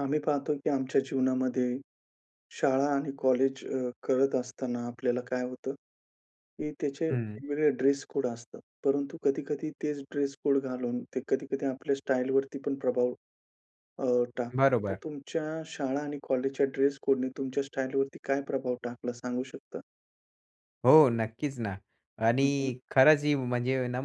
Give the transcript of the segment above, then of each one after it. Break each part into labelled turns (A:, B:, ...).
A: आम्ही पाहतो, की आमच्या जीवनामध्ये शाळा आणि कॉलेज अ, करत असताना, आपल्याला काय होतं, की त्याचे
B: हं.
A: वेगवेगळे ड्रेस कोड असतात परंतु कधी-कधी तेच ड्रेस कोड घालून, ते कधी-कधी आपल्या स्टाईलवरती पण प्रभाव अ, टाकतं. तर
B: बरोबर.
A: तुमच्या शाळा आणि कॉलेजच्या ड्रेस कोडने तुमच्या स्टाईलवरती काय प्रभाव टाकला सांगू शकता?
B: हो, नक्कीच ना
A: हं, हं.
B: आणि खरंच ही म्हणजे ना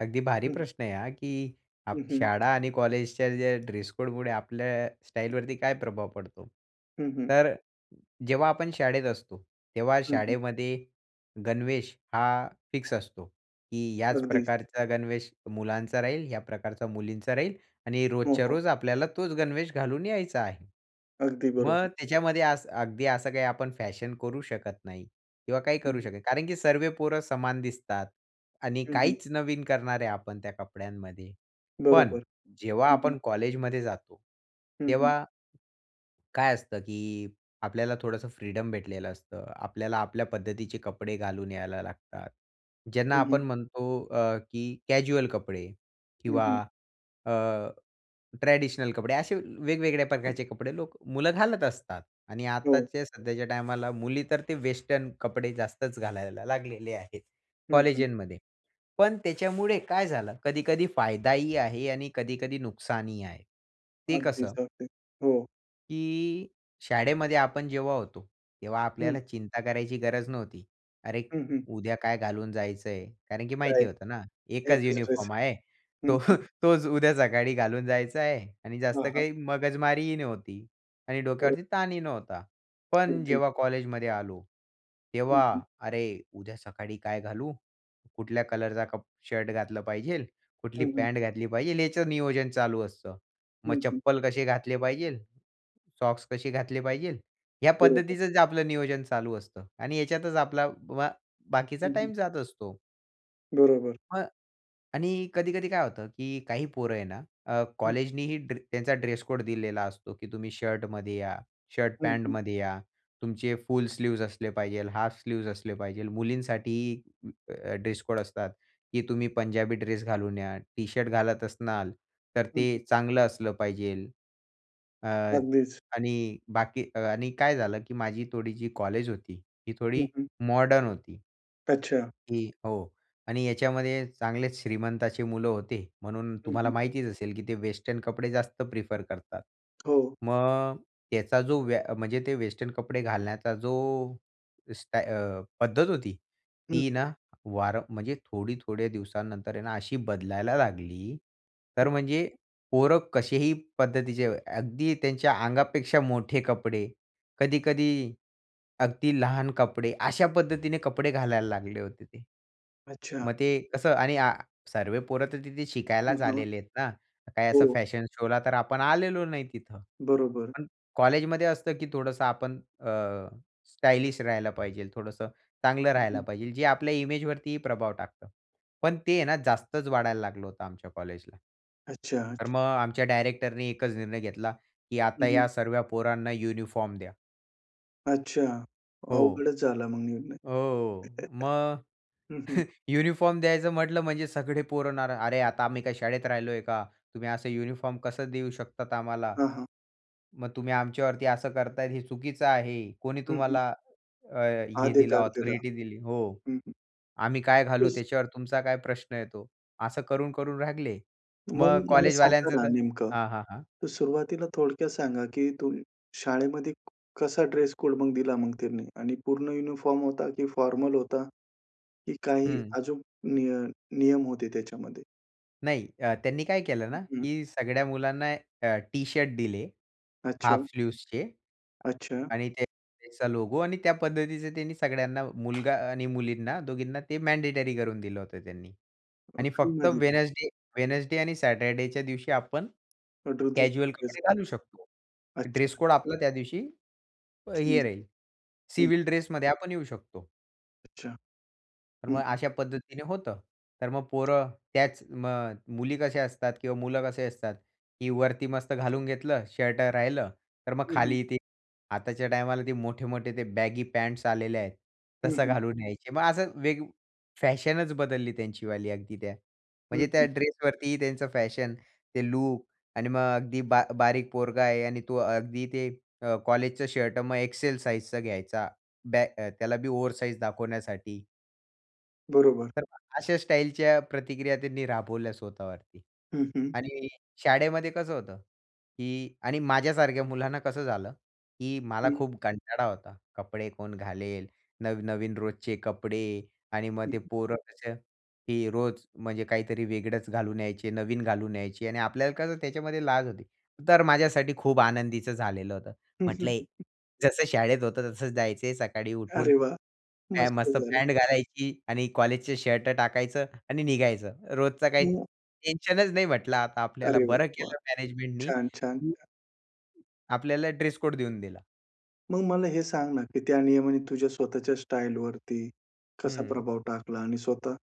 B: अगदी भारी
A: हं.
B: प्रश्न आहे हा, की
A: हं,
B: आप
A: हं.
B: शाळा आणि कॉलेजच्या ज्या ड्रेसकोडमुळे आपल्या स्टाईलवरती काय प्रभाव पडतो?
A: हं, हं.
B: तर जेव्हा आपण शाळेत असतो, तेव्हा
A: हं, हं.
B: शाळेमध्ये गणवेश हा फिक्स असतो, की याच
A: अगदी.
B: प्रकारचा गणवेश मुलांचा राहील, या प्रकारचा मुलींचा राहील आणि
A: हो,
B: रोजच्या
A: हो.
B: रोज आपल्याला तोच गणवेश घालून यायचा आहे.
A: अगदी
B: मग
A: बरोबर.
B: त्याच्यामध्ये असं अगदी असं काही आपण फॅशन करू शकत नाही किंवा काही करू
A: हं.
B: शकत नाही. कारण की सर्व पोरं समान दिसतात आणि
A: हं, हं.
B: काहीच नवीन करणार आहे आपण त्या कपड्यांमध्ये, पण
A: बरोबर,
B: जेव्हा
A: हं,
B: आपण
A: हं.
B: कॉलेजमध्ये जातो
A: हं, हं.
B: तेव्हा, काय असतं, की आपल्याला थोडंसं फ्रीडम भेटलेलं असतं, आपल्याला आपल्या पद्धतीचे कपडे घालून यायला लागतात. ज्यांना
A: हं, हं.
B: आपण म्हणतो, अ, की कॅज्युअल कपडे,
A: हं,
B: किंवा
A: हं.
B: अ, ट्रेडिशनल कपडे असे अ, वेगवेगळ्या प्रकारचे कपडे, लोक मुलं घालत असतात आणि
A: हो.
B: आत्ताच्या सध्याच्या टायमाला, मुली तर ते वेस्टर्न कपडे जास्तच घालायला लागलेले आहेत
A: हं, हं.
B: कॉलेजामध्ये. पण त्याच्यामुळे काय झालं कधी-कधी, फायदाही आहे आणि कधी-कधी नुकसानही आहे, ते
A: अगदीच,
B: कसं?
A: अगदी, हो.
B: की शाळेमध्ये आपण जेव्हा होतो, तेव्हा
A: हं.
B: आपल्याला चिंता करायची गरज नव्हती. "अरे
A: हं, हं.
B: उद्या काय घालून जायचंय?" कारण की
A: काय?
B: माहिती होतं ना, एकच
A: एकच ड्रेस
B: युनिफॉर्म आहे
A: आहे. हं,
B: तो
A: हं.
B: तोच उद्या सकाळी घालून जायच आहे आणि
A: हां,
B: जास्त
A: हां.
B: काही मगजमारीही नव्हती आणि
A: बरोबर.
B: डोक्यावरती ताणही नव्हता. पण
A: अगदी.
B: जेव्हा कॉलेजमध्ये आलो.
A: हं,
B: तेव्हा
A: हं.
B: "अरे, उद्या सकाळी काय घालू? कुठल्या कलरचा कप शर्ट घातला पाहिजे? कुठली
A: हं, हं.
B: पॅट घातली पाहिजे?" याचं नियोजन चालू असतं. "मग
A: हं, हं.
B: चप्पल कसे घातले पाहिजे? सॉक्स कसे घातले पाहिजे?" ह्या
A: बरोबर.
B: पद्धतीचंच आपलं नियोजन चालू असतं आणि ह्याच्यातच आपला वा बाकीचा
A: हं, हं.
B: टाईम जात असतो.
A: बरोबर.
B: मग आणि कधी-कधी काय होतं, की काही पोरं आहे ना, अ,
A: हं.
B: कॉलेजनीही ड्रे त्यांचा ड्रेस कोड दिलेला असतो, की तुम्ही शर्टमध्ये या, शर्ट
A: हं, हं.
B: पॅन्टमध्ये या. तुमचे फुल स्लीव्ह्ज असले पाहिजेल, हाफ स्लीव्ह्ज असले पाहिजे. मुलींसाठीही ड्रेस कोड असतात, की तुम्ही पंजाबी ड्रेस घालून या टी-शर्ट घालत असनार तर,
A: हं,
B: ते
A: हं.
B: चांगलं असलं पाहिजे. अ,
A: अगदीच.
B: आणि बाकी आणि काय झालं, की माझी थोडी जी कॉलेज होती ती
A: हं,
B: थोडी
A: हं.
B: मॉडर्न होती.
A: अच्छा.
B: की हो. आणि याच्यामध्ये चांगलेच श्रीमंताची मुलं होते म्हणून
A: हं,
B: तुम्हाला
A: हं.
B: माहितीच असेल, की ते वेस्टर्न कपडे जास्त प्रिफर करतात.
A: हो.
B: मग त्याचा जो व्या म्हणजे ते वेस्टर्न कपडे घालण्याचा जो स्टा अ, पद्धत होती
A: हं.
B: ती ना, वार म्हणजे थोडी थोड्या दिवसानंतर आहे ना, अशी बदलायला लागली
A: हं.
B: तर म्हणजे पोरं कसेही पद्धतीचे अगदी त्यांच्या अंगापेक्षा मोठे कपडे, कधी-कधी अगदी लहान कपडे, अशा पद्धतीने कपडे घालायला लागले होते ते.
A: अच्छा.
B: मग ते कसं आणि सर्वे पोरं तर तिथे
A: हं,
B: शिकायलाच
A: हां.
B: आलेले आहेत ना, काही असं
A: हो.
B: फॅशन शो ला तर आपण आलेलो नाही तिथं.
A: बरोबर.
B: पण कॉलेजमध्ये असतं, की थोडंसं आपण अ, स्टायलिश राहायला पाहिजे. थोडंसं चांगलं
A: हं,
B: राहायला
A: हं.
B: पाहिजे. जे आपल्या इमेज वरती प्रभाव टाकतं. पण ते आहे ना, जास्तच वाढायला लागलं होतं आमच्या कॉलेजला.
A: अच्छा,
B: तर
A: अच्छ
B: मग आमच्या डायरेक्टरने एकच निर्णय घेतला, की
A: हं,
B: "आता या
A: हं.
B: सर्व्या पोरांना युनिफॉर्म द्या."
A: अच्छा.
B: हो.
A: अवघडच झाला मग निर्णय.
B: हो, हो. मग
A: हं, हं.
B: युनिफॉर्म द्यायचं म्हटलं म्हणजे सगळे पोरं ना, अरे आता आम्ही काय शाळेत राहिलोय का? तुम्ही असं युनिफॉर्म कसं देऊ शकता आम्हाला?
A: हां, हां.
B: मग तुम्ही आमच्यावरती असं करताय हे चुकीचं आहे. कोणी
A: हं, हं.
B: तुम्हाला अ, हे दिलं
A: अधिकार दिला.
B: ऑथॉरिटी दिली? हो.
A: हं, हं.
B: आम्ही काय घालू
A: तोच
B: त्याच्यावर तुमचा काय प्रश्न येतो. असं करून, करून लागले?
A: मग
B: मग
A: मला सांगा
B: कॉलेजवाल्यांचं
A: ना
B: तर
A: नेमकं.
B: हां, हां, हां.
A: तर सुरुवातीला थोडक्यात सांगा की तूम् शाळेमध्ये कसा ड्रेस कोड दिला मग त्यांनी? आणि पूर्ण युनिफॉर्म होता, की फॉर्मल होता? की काही
B: हं.
A: अजून नि नियम होते त्याच्यामध्ये?
B: नाही अ, त्यांनी काय केलं
A: हं,
B: ना,
A: हं.
B: की सगळ्या मुलांना अ, टी-शर्ट दिले
A: अच्छा.
B: हाफ स्लीव्सचे.
A: अच्छा.
B: आणि ते त्या, त्याचा लोगो आणि त्या पद्धतीचे त्यांनी सगळ्यांना मुलगा आणि मुलींना दोघींना ते मँडेटरी करून दिलं होतं त्यांनी.
A: अ,
B: आणि फक्त
A: फ्रीमध्ये का?
B: वेडनेसडे वेडनेसडे आणि सॅटरडेच्या दिवशी आपण,
A: [unintelligible]
B: कॅज्युअल
A: ड्रेस.
B: कपडे घालू शकतो.
A: अच्छा.
B: ड्रेस कोड आपला त्या दिवशी
A: चेंज
B: हे राहील,
A: झाले. हं.
B: सिव्हिल ड्रेसमध्ये आपण येऊ शकतो.
A: अच्छा,
B: तर मग
A: हं.
B: अशा पद्धतीने होतं तर मग पोरं त्याच मग मुली कसे असतात किंवा मुलं कसे असतात, की वरती मस्त घालून घेतलं शर्ट राहिलं, तर मग
A: हं, हं.
B: खाली ते आताच्या टायमाला ते मोठे-मोठे ते बॅगी पँट्स आलेले आहेत
A: हं,
B: तसं
A: हं.
B: घालून यायचे. मग असं वेग फॅशनच बदलली त्यांचीवाली अगदी त्या
A: हं,
B: म्हणजे त्या
A: हं.
B: ड्रेसवरतीही त्यांचं फॅशन ते लुक आणि मग अगदी बा बारीक पोरगा आहे आणि तो अगदी ते अ, कॉलेजचं शर्ट मग एक्सेल साइजचा घ्यायचा बॅग त्याला बी ओवर साइज दाखवण्यासाठी
A: बरोबर.
B: तर अशा स्टाईलच्या प्रतिक्रिया त्यांनी राबवल्या स्वतःवरती
A: हं, हं.
B: आणि शाळेमध्ये कसं होतं की आणि माझ्यासारख्या मुलांना कसं झालं, की मला
A: हं.
B: खूप कंटाळा होता कपडे कोण घालेल? नव-नवीन रोजचे कपडे आणि मग
A: हं.
B: ते पोरं तसं ही रोज म्हणजे काहीतरी वेगळंच घालून यायचे नवीन घालून यायची आणि आपल्याला कसं त्याच्यामध्ये लाज होती, तर माझ्यासाठी खूप आनंदीचं झालेलं होतं. म्हटलं जसं शाळेत होतं तसंच जायचं आहे सकाळी उठून,
A: अरे वाह! मस्त
B: मस्त
A: झालं.
B: पॅन्ट घालायची आणि कॉलेजचे शर्ट टाकायचं आणि निघायचं. रोजचा काही
A: [unintelligible]
B: टेन्शनच नाही म्हंटलं आता आपल्याला
A: अरे
B: बरं
A: वाह!
B: केलं मॅनेजमेंटनी,
A: छान, छान,
B: की
A: छान.
B: आपल्याला ड्रेस कोड देऊन दिला.
A: मग मला हे सांग ना, की त्या नियमाने तुझ्या स्वतःच्या स्टाईलवरती कसा
B: हं.
A: प्रभाव टाकला? आणि स्वतः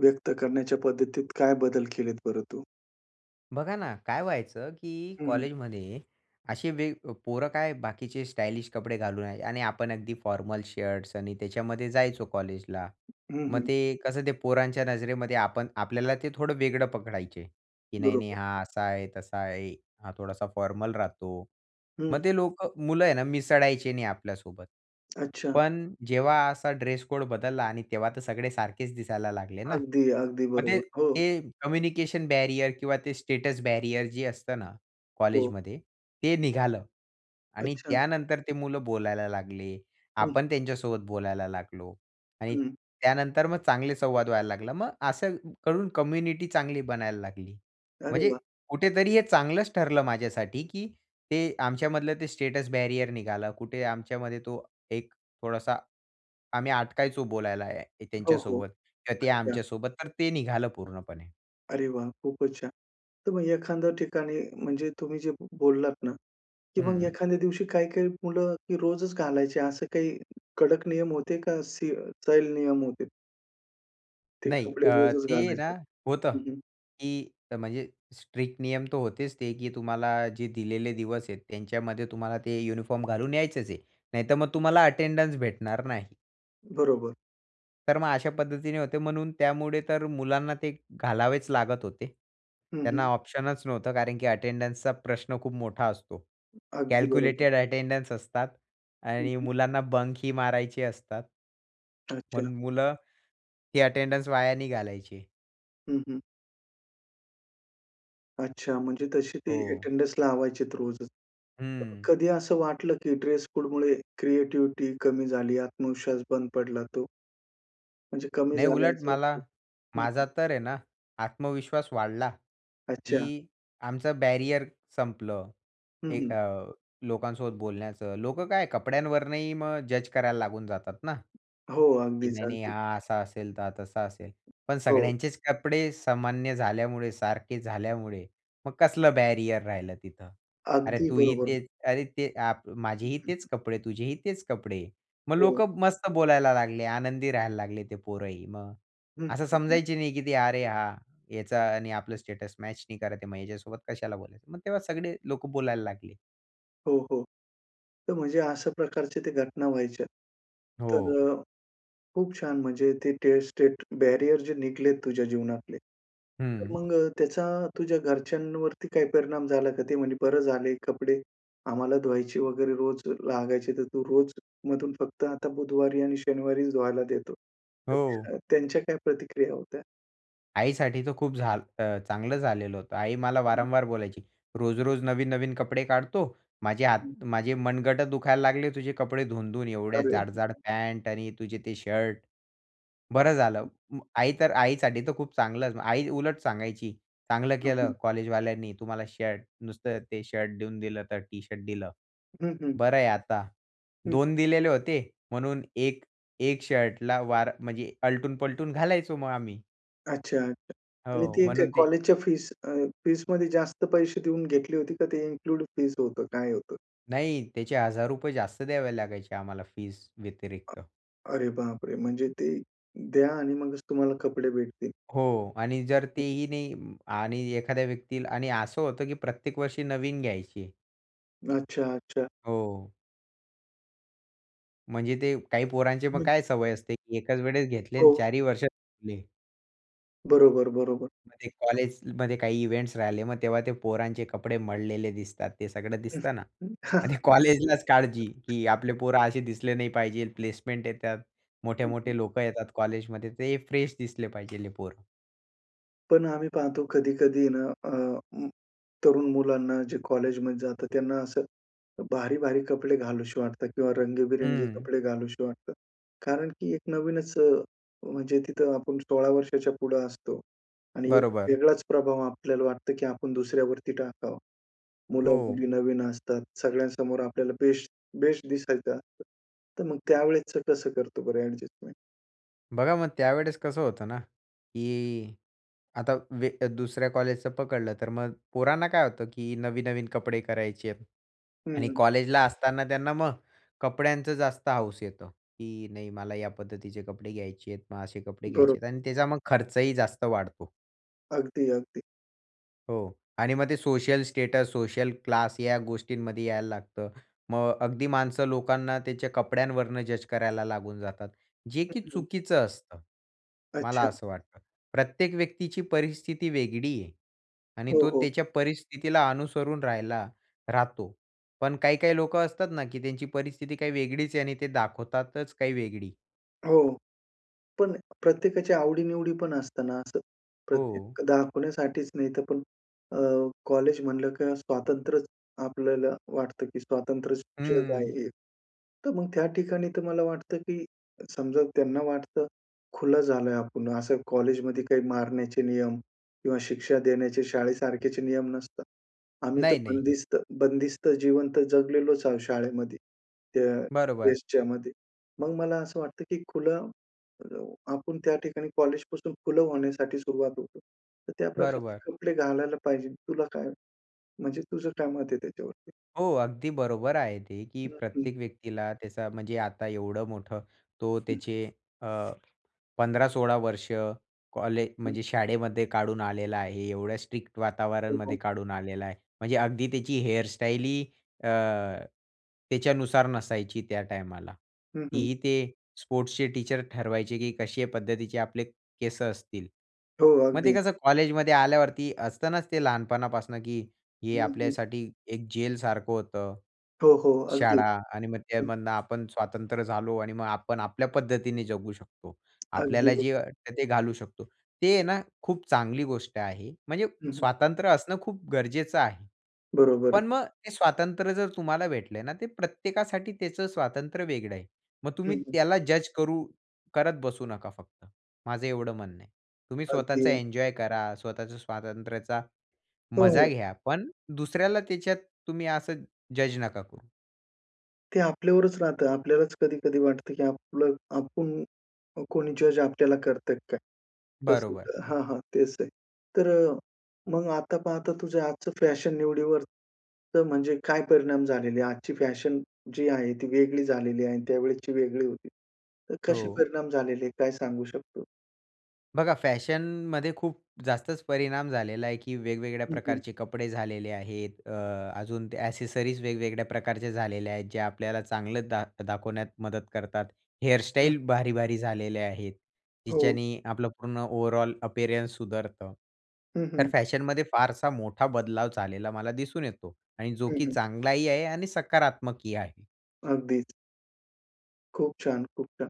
A: व्यक्त करण्याच्या पद्धतीत काय बदल केलेत बरं तू?
B: बघा ना, काय व्हायचं की
A: हं, हं.
B: कॉलेजमध्ये, असे वेग पोरं काय बाकीचे स्टाइलिश कपडे घालून याय आणि आपण अगदी फॉर्मल शर्ट्स आणि त्याच्यामध्ये जायचो कॉलेजला.
A: हं,
B: मग
A: हं.
B: ते कसं ते पोरांच्या नजरेमध्ये आपण आपल्याला ते थोडं वेगळं पकडायचे की, "नाही-नाही
A: बरोबर.
B: हा असा आहे, तसा आहे, हा थोडासा फॉर्मल राहतो."
A: हं.
B: मग ते लोकं मुलं आहे ना, मिसळायचे नाही आपल्यासोबत.
A: अच्छा!
B: पण जेव्हा असा ड्रेस कोड बदलला आणि तेव्हा तर सगळे सारखेच दिसायला लागले ना.
A: अगदी, अगदी
B: मग ते
A: बरोबर, हो.
B: ते कम्युनिकेशन बॅरियर किंवा ते स्टेटस बॅरियर जे असतं ना
A: हो.
B: कॉलेजमध्ये, ते निघालं आणि
A: अच्छा.
B: त्यानंतर ते मुलं बोलायला लागले.
A: हं.
B: आपण त्यांच्यासोबत बोलायला लागलो आणि
A: हं.
B: त्यानंतर मग चांगले संवाद व्हायला लागला. मग असं क करून कम्युनिटी चांगली बनायला लागली.
A: अरे
B: म्हणजे
A: वाह!
B: कुठेतरी हे चांगलंच ठरलं माझ्यासाठी की ते आमच्यामधलं ते स्टेटस बॅरियर निघालं. कुठे आमच्यामध्ये तो एक थोडासा आम्ही अटकायचो बोलायला ह्या
A: हो, हो,
B: त्यांच्यासोबत किंवा ते
A: अच्छा.
B: आमच्यासोबत तर ते निघालं पूर्णपणे.
A: अरे वाह! खूपचं छान. तर मग एखाद्या ठिकाणी म्हणजे तुम्ही जे बोललात ना, की मग
B: हं.
A: एखाद्या दिवशी काही-काही मुलं रोजच घालायची. असं काही कडक नियम होते का, स सैल नियम होते? ते
B: नाही.
A: कपडे
B: अ,
A: रोजच
B: ते आहे ना
A: घालायचं.
B: होतं,
A: हं, हं.
B: की अ, म्हणजे स्ट्रिक्ट नियम तर होतेच ते, की तुम्हाला जे दिलेले दिवस आहेत. त्यांच्यामध्ये तुम्हाला ते युनिफॉर्म घालून यायचंच आहे. नाहीतर मग
A: [unintelligible]
B: तुम्हाला अटेंडन्स भेटणार नाही.
A: बरोबर.
B: तर मग अशा पद्धतीने होते. म्हणून त्यामुळे तर मुलांना ते घालावेच लागत होते.
A: हं,
B: त्यांना
A: हं.
B: ऑप्शनच नव्हतं. कारण की अटेंडन्सचा प्रश्न खूप मोठा असतो.
A: अगदी बरोबर.
B: कॅल्क्युलेटेड अटेंडन्स असतात
A: हं,
B: आणि
A: हं.
B: मुलांना बंक ही मारायचे असतात.
A: अच्छा.
B: म्हणून मुलं, ती अटेंडन्स वाया नाही घालायची.
A: हं, हं. अच्छा. म्हणजे तशी ती
B: हो.
A: अटेंडन्स लावायचेत रोजच.
B: हं.
A: कधी असं वाटलं, की ड्रेस कोडमुळे क्रिएटिव्हिटी कमी झाली, आत्मविश्वास बंद पडला तो? म्हणजे कमी
B: नाही.
A: झाले
B: उलट
A: असं
B: मला
A: वाटलं. हं, हं.
B: माझा तर आहे ना, आत्मविश्वास वाढला,
A: अच्छा.
B: की आमचं बॅरियर संपलं.
A: हं,
B: ए,
A: हं.
B: अ, लोकांसोबत बोलण्याचं. लोकं काय कपड्यांवरनंही मग जज करायला लागून जातात ना,
A: हो.
B: की
A: अगदीच,
B: नाही, नाही
A: अगदी.
B: हा असा असेल, तर हा तसा असेल. पण
A: हो.
B: सगळ्यांचेच कपडे सामान्य झाल्यामुळे सारखे झाल्यामुळे मग कसलं बॅरियर राहिलं तिथं? "अरे,
A: अगदी
B: तूही
A: बरोबर.
B: तेच अरे, ते आप
A: हं,
B: माझेही
A: हं,
B: तेच
A: हं.
B: कपडे तुझेही तेच कपडे." मग
A: हो.
B: लोक मस्त बोलायला लागले, आनंदी राहायला लागले ते पोरंही मग.
A: हं,
B: असं
A: हं, हं.
B: समजायचे नाही, की "अरे, हा याचा आणि आपलं स्टेटस मॅच नाही करत आहे. मग याच्यासोबत कशाला बोलायचं?" मग तेव्हा सगळे लोक बोलायला लागले.
A: हो, हो. तर म्हणजे अशा प्रकारच्या त्या घटना व्हायच्या.
B: हो.
A: तर खूप छान म्हणजे ते टेस्ट स्टेट बॅरियर जे निघलेत तुझ्या जीवनातले. तर
B: हं.
A: मग त्याचा तुझ्या घरच्यांवरती काही परिणाम झाला का? ती म्हणे, "बरं झालं आहे कपडे आम्हाला धुवायचे वगैरे रोज लागायचे तर तू रोज मधून फक्त आता बुधवारी आणि शनिवारीच धुवायला देतो."
B: हो.
A: [unintelligible] त्यांच्या काय प्रतिक्रिया होत्या?
B: आईसाठी तर खूप झाल चांगलं झालेलं होतं. आई मला वारंवार बोलायची, "रोज-रोज नवीन-नवीन कपडे काढतो. माझे
A: हं.
B: हात माझे मनगटं दुखायला लागले तुझे कपडे धुवून-धुवून एवढे
A: अरे
B: जाड-जाड
A: [unintelligible]
B: पॅन्ट आणि तुझे ते शर्ट, बरं झालं." मग आई तर आईसाठी तर खूप चांगलंच आई उलट सांगायची, "चांगलं
A: हं,
B: केलं
A: हं.
B: कॉलेजवाल्यांनी तुम्हाला शर्ट नुसतं ते शर्ट देऊन दिलं तर टी शर्ट दिलं,
A: हं, हं.
B: बरं आहे आता."
A: हं.
B: 2 दिलेले होते म्हणून 1 1 शर्टला वार म्हणजे आलटून-पलटून घालायचो मग आम्ही.
A: अच्छा आणि
B: हो,
A: ती एक
B: म्हणून ते
A: कॉलेज च्या फीस अ, फीसमध्ये जास्त पैसे देऊन घेतली होती का ते इन्क्लूड फीस होतं काय होतं?
B: नाही, त्याचे ₹1,000 जास्त द्यावे लागायचे आम्हाला फीझ व्यतिरिक्त.
A: अरे बापरे! म्हणजे ते द्या आणि मगच तुम्हाला कपडे भेटतील.
B: हो. आणि जर
A: हं.
B: तेही नाही अं आणि एखाद्या व्यक्तीला आणि असं होतं की प्रत्येक वर्षी नवीन घ्यायची आहे.
A: अच्छा, अच्छा.
B: हो. म्हणजे ते काही पोरांचे मग
A: नाही
B: काय सवय असते, की एकाच वेळेस घेतले आणि
A: हो.
B: चारही वर्ष घातले.
A: बरोबर, बरोबर.
B: म्हणजे कॉलेजमध्ये काही इव्हेंट्स राहिले, मग तेव्हा ते पोरांचे कपडे मळलेले दिसतात, ते सगळं दिसतं ना. आणि कॉलेजलाच काळजी की आपले पोरं असे दिसले नाही पाहिजे, प्लेसमेंट येतात.
A: हं, हं.
B: मोठे-मोठे लोकं येतात कॉलेजमध्ये, ते फ्रेश दिसले पाहिजे हे पोरं.
A: पण आम्ही पाहतो कधी-कधी आहे ना, अ, अं तरुण मुलांना जे कॉलेजमध्ये जाता त्यांना, असं भारी-भारी कपडे घालावेसे वाटते किंवा रंगीबेरंगी
B: हं.
A: कपडे घालावेसे वाटते. कारण की एक नवीनच अ, म्हणजे तिथं आपण 16 वर्षाच्या पुढे असतो आणि एक
B: बरोबर.
A: वेगळाच प्रभाव आपल्याला वाटतं, की आपण दुसऱ्यावरती टाकावा.
B: हो.
A: मुलं-मुली नवीन असतात, सगळ्यांसमोर आपल्याला बेस्ट बेस्ट दिसायचं असतं, तर मग त्यावेळेसचं कसं करतो बरं, ॲडजस्टमेंट?
B: बघा, मग त्यावेळेस कसं होतं ना, की आता वे दुसऱ्या कॉलेजचं पकडलं, तर मग पोरांना काय होतं, की नवीन-नवीन कपडे करायचे आहेत. आणि
A: हं.
B: कॉलेजला असताना त्यांना मग कपड्यांचं जास्त हौस येतो, की नाही मला या पद्धतीचे कपडे घ्यायचे आहेत. मग असे कपडे
A: बरं.
B: घ्यायचे आहेत आणि त्याचा मग खर्चही जास्त वाढतो.
A: अगदी, अगदी.
B: हो. आणि मग ते सोशल स्टेटस, सोशल क्लास या गोष्टींमध्ये यायला लागतं. मग अगदी माणसं लोकांना त्याच्या कपड्यांवरुण जज करायला लागून जातात. जे
A: हं,
B: की
A: हं.
B: चुकीचं असतं. मला
A: अच्छा.
B: असं वाटतं. प्रत्येक व्यक्तीची परिस्थिती वेगळी आहे आणि
A: हो,
B: तो
A: हो.
B: त्याच्या परिस्थितीला अनुसरून राहायला राहतो, पण काही-काही लोकं असतात ना, की त्यांची परिस्थिती काही वेगळीचं आहे आणि ते दाखवतातचं काही वेगळी.
A: हो. पण प्रत्येकाची आवडीनिवडी पण असताना असं.
B: हो.
A: प्रत्येक दाखवण्यासाठीचं नाही, तर पण अ, कॉलेज म्हणलं का स्वातंत्र्यचं आपल्याला वाटतं, की स्वातंत्र्य शिक्षक
B: हं.
A: आहे. तर मग त्या ठिकाणी तर मला वाटतं, की समजा त्यांना वाटतं खुलं झालंय आपण असं कॉलेजमध्ये काही मारण्याचे नियम किंवा शिक्षा देण्याचे शाळेसारखेचे नियम नसतात. आम्ही तर
B: नाही, नाही.
A: बंदिस्त बंदिस्त जीवन तर जगलेलोचं आहोत शाळेमध्ये. त्या
B: बरोबर.
A: फेजचामध्ये. मग मला असं वाटतं, की खुलं, अ आपण त्या ठिकाणी कॉलेजपासून खुलं होण्यासाठी सुरुवात होतो. तर त्या प्रकारचे
B: बरोबर.
A: कपडे घालायला पाहिजे तुला काय म्हणजे, तुझं काय मत आहे त्याच्यावरती?
B: हो. अगदी बरोबर आहे. ते की
A: नक्की.
B: प्रत्येक व्यक्तीला त्याचा म्हणजे आता एवढं मोठं तो
A: हं.
B: त्याचे अ, 15-16 वर्ष कॉलेज
A: हं.
B: म्हणजे शाळेमध्ये काढून आलेला आहे. एवढ्या स्ट्रिक्ट वातावरणामध्ये
A: [unintelligible]
B: काढून आलेला आहे. म्हणजे अगदी त्याची हेअरस्टाईलही अ, त्याच्यानुसार नसायची त्या टायमाला.
A: हं, हं.
B: तीही स्पोर्ट्सचे टीचर ते ठरवायचे, की कशे पद्धतीचे आपले केस असतील.
A: हो.
B: मग ते
A: अगदी.
B: कसं कॉलेजमध्ये आल्यावरती असत ना ते लहानपणापासून की हे
A: हं, हं.
B: आपल्यासाठी एक जेल सारखं होतं.
A: हो, हो. अगदी.
B: शाळा. आणि मग त्यामधनं आपण स्वातंत्र झालो. आणि मग आपण आपल्या पद्धतीने जगू शकतो. आपल्याला
A: अगदी.
B: जे वाटतं ते घालू शकतो. ते आहे ना खूप चांगली गोष्ट आहे. म्हणजे
A: हं, हं.
B: स्वातंत्र्य असणं खूप गरजेचं आहे.
A: बरोबर आहे.
B: पण मग ते स्वातंत्र्य जर तुम्हाला भेटलंय ना ते प्रत्येकासाठी त्याचं स्वातंत्र्य वेगळं आहे. मग
A: हं,
B: तुम्ही
A: हं.
B: त्याला जज् करू करत बसू नका, फक्त माझं एवढं म्हणणं आहे. तुम्ही स्वतःचा
A: अगदी.
B: एन्जॉय करा. स्वतःच्या स्वातंत्र्याचा
A: हो,
B: मजा
A: हो.
B: घ्या. पण दुसऱ्याला त्याच्यात तुम्ही असं जज् नका करू.
A: ते आपल्यावरच राहतं. आपल्यालाच कधी-कधी वाटतं, की आपलं आपण अ, कोणी जज आपल्याला करतंय का काय? तास
B: बरोबर.
A: हां, हां, तेच ते. तर अ, मग आता पाहता तुझं आजचं फॅशन निवडीवर तर म्हणजे काय परिणाम झालेले आहेत? आजची फॅशन जी आहे, ती वेगळी झालेली आहे आणि त्यावेळेसची वेगळी होती. तर कसे
B: हो.
A: परिणाम झालेले आहे, काय सांगू शकतो?
B: बघा फॅशनमध्ये खूप जास्तच परिणाम झालेला आहे, की वेगवेगळ्या
A: हं, हं.
B: प्रकारचे कपडे झालेले आहेत. अ, अजून ते एक्सेसरीज वेगवेगळ्या प्रकारच्या झालेल्या आहेत. जे आपल्याला चांगलं दाख दाखवण्यात मदत करतात.
A: हं.
B: हेअरस्टाईल भारीभारी झालेले आहेत,
A: हो.
B: जिच्याने आपलं पूर्ण ओव्हरऑल अपअरन्स सुधारतं.
A: हं,
B: तर
A: हं.
B: फॅशनमध्ये फारसा मोठा बदलाव झालेला मला दिसून येतो आणि जो
A: हं,
B: की
A: हं.
B: चांगलाही आहे आणि सकारात्मकही आहे.
A: अगदीच. खूप छान! खूप छान!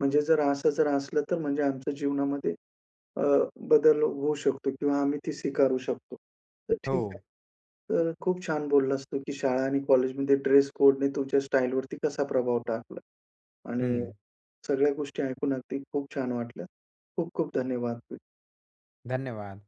A: म्हणजे जर असं जर असलं तर म्हणजे आमच्या जीवनामध्ये अ, बदल होऊ शकतो किंवा आम्ही ती स्वीकारू शकतो. तर ठीक आहे.
B: हो.
A: तर खूप छान बोललास तू, की शाळा आणि कॉलेजमध्ये ड्रेस कोडने तुमच्या स्टाईलवरती कसा प्रभाव टाकला आणि
B: हं.
A: सगळ्या गोष्टी ऐकून अगदी खूप छान वाटल्यात. खूप-खूप धन्यवाद. [unintelligible]
B: धन्यवाद.